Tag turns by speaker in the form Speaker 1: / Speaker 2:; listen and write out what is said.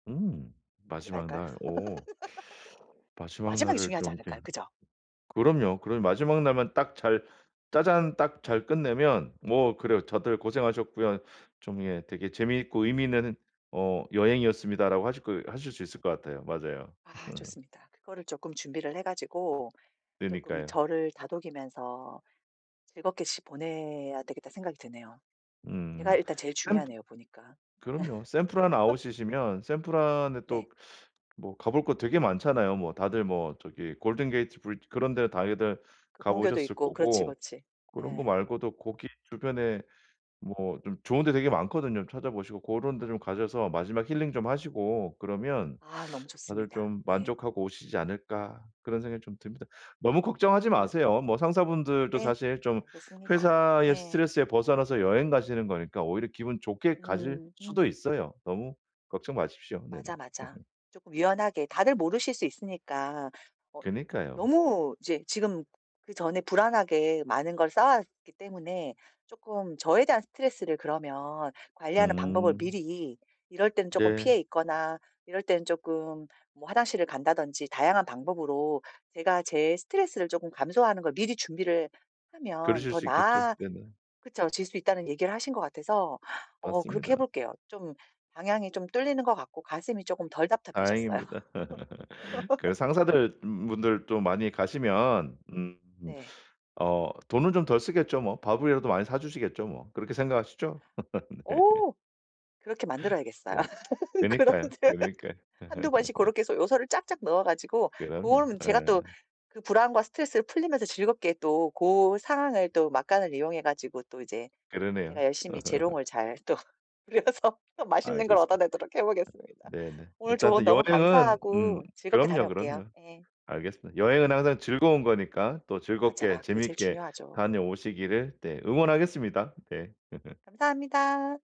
Speaker 1: 음
Speaker 2: 하지
Speaker 1: 마지막
Speaker 2: 말까요?
Speaker 1: 날. 어. 마지막
Speaker 2: 마지막이
Speaker 1: 날을
Speaker 2: 중요하지
Speaker 1: 좀 이렇게
Speaker 2: 않을까요? 그죠?
Speaker 1: 그럼요. 그럼 마지막 날만 딱 잘 짜잔 딱
Speaker 2: 네.
Speaker 1: 잘 끝내면 뭐 그래요. '다들 고생하셨고요. 좀 예 되게 재미있고 의미 있는 어 여행이었습니다.'라고 하실 거 하실 수 있을 것 같아요. 맞아요.
Speaker 2: 아
Speaker 1: 음.
Speaker 2: 좋습니다. 그거를 쪼끔 준비를 해 가지고 쪼끔
Speaker 1: 그니까요.
Speaker 2: '저를 다독이면서 즐겁게 시 보내야 되겠다.'는 생각이 드네요. 제가
Speaker 1: 음.
Speaker 2: 일단 제일
Speaker 1: 샌
Speaker 2: 중요하네요, 보니까. 예.
Speaker 1: 그럼요. 샌프란 아웃이시면 샌프란에
Speaker 2: 네.
Speaker 1: 또 뭐 가볼 거 되게 많잖아요. 뭐 다들 뭐 저기 골든 게이트 브리지 그런 데 다녀들
Speaker 2: 금문교도
Speaker 1: 가보셨을
Speaker 2: 있고 그렇지,
Speaker 1: 거고.
Speaker 2: 그렇지.
Speaker 1: 그런 거
Speaker 2: 예.
Speaker 1: 말고도 거기 주변에 뭐 좀 좋은 데 되게 많거든요. '찾아보시고 고런 데 좀 가셔서 마지막 힐링 좀 하시고 그러면
Speaker 2: 아 너무
Speaker 1: 다들
Speaker 2: 좋습니다.
Speaker 1: 좀
Speaker 2: 네.
Speaker 1: 만족하고 오시지 않을까.' 그런 생각이 좀 듭니다. 너무 걱정하지
Speaker 2: 그래서
Speaker 1: 마세요. 뭐 상사분들도
Speaker 2: 네.
Speaker 1: 사실 좀
Speaker 2: 알겠습니다.
Speaker 1: 회사의
Speaker 2: 네.
Speaker 1: 스트레스에 벗어나서 여행 가시는 거니까 오히려 기분 좋게 가실
Speaker 2: 음
Speaker 1: 수도
Speaker 2: 음.
Speaker 1: 있어요. 너무 걱정 마십시오. 네네.
Speaker 2: 맞아, 맞아. 쪼끔 유연하게 다들 모르실 수 있으니까 어
Speaker 1: 그니까요.
Speaker 2: 너무 이제 지금 그전에 불안하게 많은 걸 쌓아왔기 때문에 쪼끔 저에 대한 스트레스를 그러면 관리하는 방법을
Speaker 1: 음.
Speaker 2: 미리 이럴 때는 쪼끔
Speaker 1: 네.
Speaker 2: 피해 있거나 이럴 때는 쪼끔 뭐 화장실을 간다든지 다양한 방법으로 제가 제 스트레스를 조금 감소하는 걸 미리 준비를 하면
Speaker 1: 그러실
Speaker 2: 더
Speaker 1: 수 있겠죠.
Speaker 2: 나아
Speaker 1: 네네.
Speaker 2: 그쵸 ...질 수 있다는 얘기를 하신 것 같아서 어 그렇게
Speaker 1: 맞습니다.
Speaker 2: 해볼게요. 좀 방향이 좀 뚫리는 것 같고 가슴이 쪼끔 덜 답답해졌어요.
Speaker 1: 다행입니다. 그 상사들의 음 분들도 많이
Speaker 2: 예.
Speaker 1: 가시면 음
Speaker 2: 네.
Speaker 1: 어 돈을 좀 덜 쓰겠죠 뭐. 밥이라도 많이 사주시겠죠 뭐. 그렇게 생각하시죠 네.
Speaker 2: 어. 그렇게 만들어야겠어요.
Speaker 1: 네. 그니까요.
Speaker 2: 그런데
Speaker 1: 그니까요.
Speaker 2: 1-2 번씩 고렇게 해서 요소를 쫙쫙 넣어 가지고
Speaker 1: 그럼요.
Speaker 2: 고럼 제가
Speaker 1: 예.
Speaker 2: 또 그 불안과 스트레스를 풀리면서 즐겁게 또 고 상황을 또 막간을 이용해 가지고 또 이제
Speaker 1: 그러네요.
Speaker 2: 제가 열심히 재롱을 잘 또 부려서 또 맛있는 걸
Speaker 1: 알겠습
Speaker 2: 얻어내도록 해보겠습니다.
Speaker 1: 네네.
Speaker 2: 오늘 조언
Speaker 1: 일단은
Speaker 2: 너무
Speaker 1: 여행은 음
Speaker 2: 감사하고 즐겁게
Speaker 1: 그럼요,
Speaker 2: 다녀올게요.
Speaker 1: 그럼요.
Speaker 2: 예.
Speaker 1: 알겠습니다. 여행은 항상 즐거운 거니까 또 즐겁게
Speaker 2: 맞아. 그게 제일
Speaker 1: 재밌게
Speaker 2: 중요하죠.
Speaker 1: 다녀오시기를 네 응원하겠습니다. 네.
Speaker 2: 감사합니다.